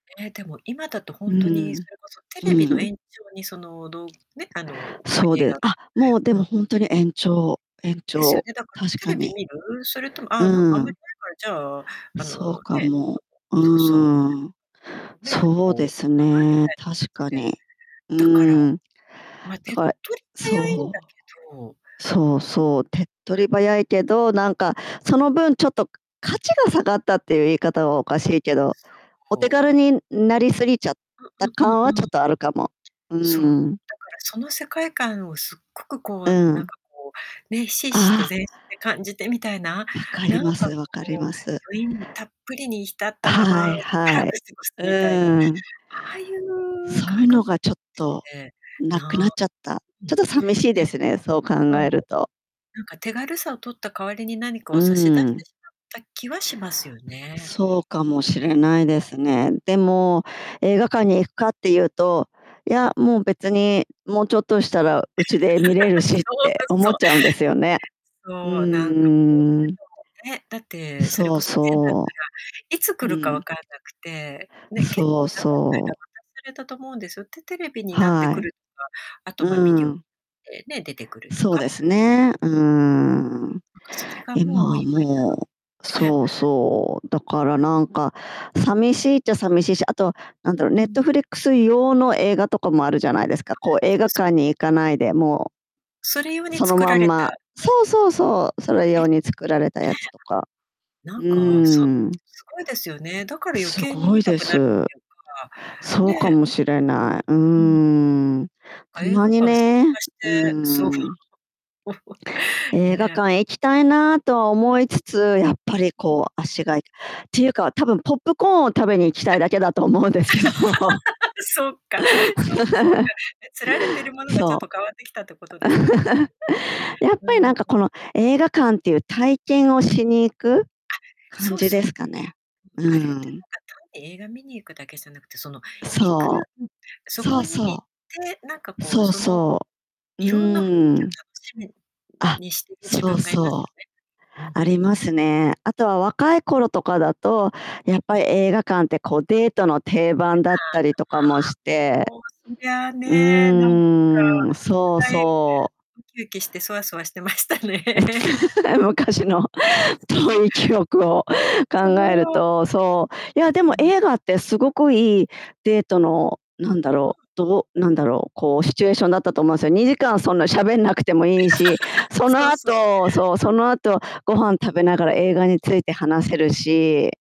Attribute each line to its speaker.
Speaker 1: ええ、でも今だと、ほ
Speaker 2: う
Speaker 1: んとに
Speaker 2: ー
Speaker 1: そ
Speaker 2: ん。
Speaker 1: れこそテ
Speaker 2: う
Speaker 1: レビの
Speaker 2: ーん。
Speaker 1: 延長に、その、どね、あの、ま、
Speaker 2: そう
Speaker 1: 映
Speaker 2: で
Speaker 1: 画
Speaker 2: あ、もう、で
Speaker 1: う
Speaker 2: も、
Speaker 1: ん。
Speaker 2: ほんとに延長延
Speaker 1: ですよ
Speaker 2: 長
Speaker 1: ね。だから
Speaker 2: 確
Speaker 1: テ
Speaker 2: か
Speaker 1: レビ
Speaker 2: に。
Speaker 1: 見る？それとも、
Speaker 2: う
Speaker 1: ああ、なんか、あ
Speaker 2: ー
Speaker 1: んまり
Speaker 2: ん。
Speaker 1: ないから、じゃあ、
Speaker 2: ん、
Speaker 1: あ
Speaker 2: そう
Speaker 1: の、
Speaker 2: か
Speaker 1: ね、
Speaker 2: も。う
Speaker 1: ちょっとそうそ
Speaker 2: ーん。
Speaker 1: う。ん、ね、ちょっと、
Speaker 2: そう
Speaker 1: こう、
Speaker 2: です
Speaker 1: [unintelligible] みた
Speaker 2: ね、
Speaker 1: いな感
Speaker 2: 確
Speaker 1: じ
Speaker 2: か
Speaker 1: で。
Speaker 2: に。う
Speaker 1: だから、
Speaker 2: ーん。
Speaker 1: ま、
Speaker 2: だ
Speaker 1: 手っ
Speaker 2: から
Speaker 1: 取り早いんだ
Speaker 2: そう。
Speaker 1: けど。うん。
Speaker 2: そうそう、手っ取り早いけど、なんか、その分ちょっと価値が下がったっていう言い方はおかしいけ
Speaker 1: そ
Speaker 2: ど、
Speaker 1: う、
Speaker 2: お手
Speaker 1: こう
Speaker 2: 軽になりすぎちゃった
Speaker 1: うんうん
Speaker 2: 感
Speaker 1: う
Speaker 2: はち
Speaker 1: ん
Speaker 2: ょ
Speaker 1: う
Speaker 2: っ
Speaker 1: ん。
Speaker 2: とあるかも。う
Speaker 1: そう、だ
Speaker 2: ー
Speaker 1: から
Speaker 2: ん。
Speaker 1: その世界観をすっごく、こ
Speaker 2: う
Speaker 1: う、
Speaker 2: ー
Speaker 1: なん
Speaker 2: ん。
Speaker 1: か、こう、ね、ひしひしと
Speaker 2: ああ。
Speaker 1: 全身で感じてみたいな、
Speaker 2: 分かり
Speaker 1: なん
Speaker 2: ま
Speaker 1: か、
Speaker 2: す、分かり
Speaker 1: こう、
Speaker 2: ます。
Speaker 1: 余韻たっぷりに浸ったま
Speaker 2: は
Speaker 1: ま
Speaker 2: い、
Speaker 1: しば
Speaker 2: は
Speaker 1: らく
Speaker 2: い。
Speaker 1: 過ごす
Speaker 2: う
Speaker 1: みたいな、あ
Speaker 2: ーん。
Speaker 1: あいう
Speaker 2: そういう
Speaker 1: 感覚
Speaker 2: のが
Speaker 1: っ
Speaker 2: ちょっと、
Speaker 1: て、
Speaker 2: なくなっ
Speaker 1: な
Speaker 2: ちゃった。
Speaker 1: うん。
Speaker 2: ち
Speaker 1: ね。
Speaker 2: ょっと寂しいですね、そう考
Speaker 1: そ
Speaker 2: え
Speaker 1: う。
Speaker 2: ると。
Speaker 1: なんか手軽さを取った代わりに、何か
Speaker 2: う
Speaker 1: を差し出し
Speaker 2: ーん。
Speaker 1: てしまった気はしますよね。
Speaker 2: そうかもし
Speaker 1: うん。
Speaker 2: れないですね。でも、映画館に行くかっていうと、い
Speaker 1: う
Speaker 2: や、
Speaker 1: ん。
Speaker 2: もう別に、もうちょっとしたらうちで見れる しっ
Speaker 1: そう
Speaker 2: て
Speaker 1: です、
Speaker 2: 思
Speaker 1: そ
Speaker 2: っ
Speaker 1: う。
Speaker 2: ちゃうんですよね。う
Speaker 1: そう、なんか、こ
Speaker 2: ーん。
Speaker 1: う [unintelligible] ね、だって、それ
Speaker 2: そ
Speaker 1: こ
Speaker 2: う
Speaker 1: そ以前だったら、
Speaker 2: そ
Speaker 1: いつ来
Speaker 2: う。
Speaker 1: るか
Speaker 2: う
Speaker 1: わ
Speaker 2: ん。
Speaker 1: からなくて、ね、結
Speaker 2: そ
Speaker 1: 構長
Speaker 2: う
Speaker 1: い
Speaker 2: そ
Speaker 1: 間
Speaker 2: う。
Speaker 1: 待たされたと思うんですよ。で、テレビになって
Speaker 2: は
Speaker 1: く
Speaker 2: い。
Speaker 1: るとか、あと、
Speaker 2: う
Speaker 1: ま、ビデオ
Speaker 2: ーん。
Speaker 1: でね、出てくると
Speaker 2: そう
Speaker 1: か。
Speaker 2: ですね、うーん。
Speaker 1: なんか、それが
Speaker 2: 今
Speaker 1: もう、
Speaker 2: は
Speaker 1: 今
Speaker 2: もう
Speaker 1: やね。
Speaker 2: そうそう、だから、
Speaker 1: うん、
Speaker 2: なんか、
Speaker 1: うん。
Speaker 2: 寂しいっちゃ寂しいし、あと、なん
Speaker 1: うん
Speaker 2: だろう、ネ
Speaker 1: う
Speaker 2: ッ
Speaker 1: ん。
Speaker 2: トフリックス用の映画とかもあるじゃないですか。
Speaker 1: あ、
Speaker 2: こう、映
Speaker 1: そう
Speaker 2: 画
Speaker 1: そう。
Speaker 2: 館に行かないで、も
Speaker 1: それ用
Speaker 2: う、
Speaker 1: に
Speaker 2: その
Speaker 1: 作
Speaker 2: ま
Speaker 1: ら
Speaker 2: ん
Speaker 1: れた、
Speaker 2: ま
Speaker 1: ね。
Speaker 2: そうそうそう、それ
Speaker 1: あ
Speaker 2: 用に作られた
Speaker 1: れえ
Speaker 2: や
Speaker 1: え。
Speaker 2: つとか。
Speaker 1: な
Speaker 2: うー
Speaker 1: んか、そ
Speaker 2: ん。
Speaker 1: すごいですよね。だから余
Speaker 2: す
Speaker 1: 計に
Speaker 2: ご
Speaker 1: 見
Speaker 2: い
Speaker 1: た
Speaker 2: で
Speaker 1: くなるっ
Speaker 2: す。
Speaker 1: てい
Speaker 2: そう
Speaker 1: うか、
Speaker 2: か
Speaker 1: ね。
Speaker 2: もしれない。うー
Speaker 1: うん。
Speaker 2: ん。
Speaker 1: なんか、
Speaker 2: た
Speaker 1: 映
Speaker 2: ま
Speaker 1: 画
Speaker 2: に
Speaker 1: 館参
Speaker 2: ね、
Speaker 1: 加して、
Speaker 2: うー
Speaker 1: そう。
Speaker 2: ん。映画
Speaker 1: ね。
Speaker 2: 館へ行きたいなとは思い
Speaker 1: うん。
Speaker 2: つ
Speaker 1: う、う
Speaker 2: つ、やっぱり、
Speaker 1: うん。
Speaker 2: こう、足がいっていうか多分ポップコーンを食べに行きたいだけだと思うんですけど。
Speaker 1: そっか、そっかそっか。ね、釣られてるものがちょっ
Speaker 2: そ
Speaker 1: と変わってきたってこと
Speaker 2: う。
Speaker 1: ですね。
Speaker 2: やっ
Speaker 1: う
Speaker 2: ぱり、な
Speaker 1: ー
Speaker 2: んか、こ
Speaker 1: ん。
Speaker 2: の映画館っていう体験をしに行く
Speaker 1: あ、
Speaker 2: 感
Speaker 1: そう
Speaker 2: じ
Speaker 1: そ
Speaker 2: で
Speaker 1: う。
Speaker 2: すかね。うー
Speaker 1: あれって、
Speaker 2: ん。
Speaker 1: なんか、単に映画見に行くだけじゃなくて、その行く
Speaker 2: そ
Speaker 1: うん、
Speaker 2: う。
Speaker 1: そ
Speaker 2: そ
Speaker 1: こ
Speaker 2: う
Speaker 1: に行っ
Speaker 2: そ
Speaker 1: て、なんか、
Speaker 2: う。
Speaker 1: こう、
Speaker 2: そう
Speaker 1: その、
Speaker 2: そう。う
Speaker 1: 色んな雰囲
Speaker 2: ー
Speaker 1: 気を
Speaker 2: ん。
Speaker 1: 楽しみ
Speaker 2: あ、
Speaker 1: にしてる自
Speaker 2: そう
Speaker 1: 分がいます
Speaker 2: そう。
Speaker 1: よね。うん。
Speaker 2: ありますね。あとは若い頃とかだと、やっぱり映画館って、こう、デートの定番だったりとかもし
Speaker 1: [unintelligible]
Speaker 2: て、
Speaker 1: もう、そりゃあ
Speaker 2: う
Speaker 1: ね、なんか、
Speaker 2: ーん、そう
Speaker 1: 期待
Speaker 2: そう。
Speaker 1: ウキウキしてそわそわしてましたね。
Speaker 2: え、昔の
Speaker 1: そうそう。
Speaker 2: 遠い記憶を考
Speaker 1: そ
Speaker 2: える
Speaker 1: の
Speaker 2: と、そう。いや、で
Speaker 1: [unintelligible] う
Speaker 2: も
Speaker 1: ん。
Speaker 2: 映画ってすごくいいデートのなんだ
Speaker 1: うんう
Speaker 2: ろう、
Speaker 1: ん。
Speaker 2: どうなんだろう、こう、シチュエーションだったと思うんですよ。2時間そんな喋んなくてもいいし、そ
Speaker 1: そ
Speaker 2: の
Speaker 1: うそう。
Speaker 2: 後そう、そ
Speaker 1: うん。
Speaker 2: の後ご飯食べながら映画について話せるし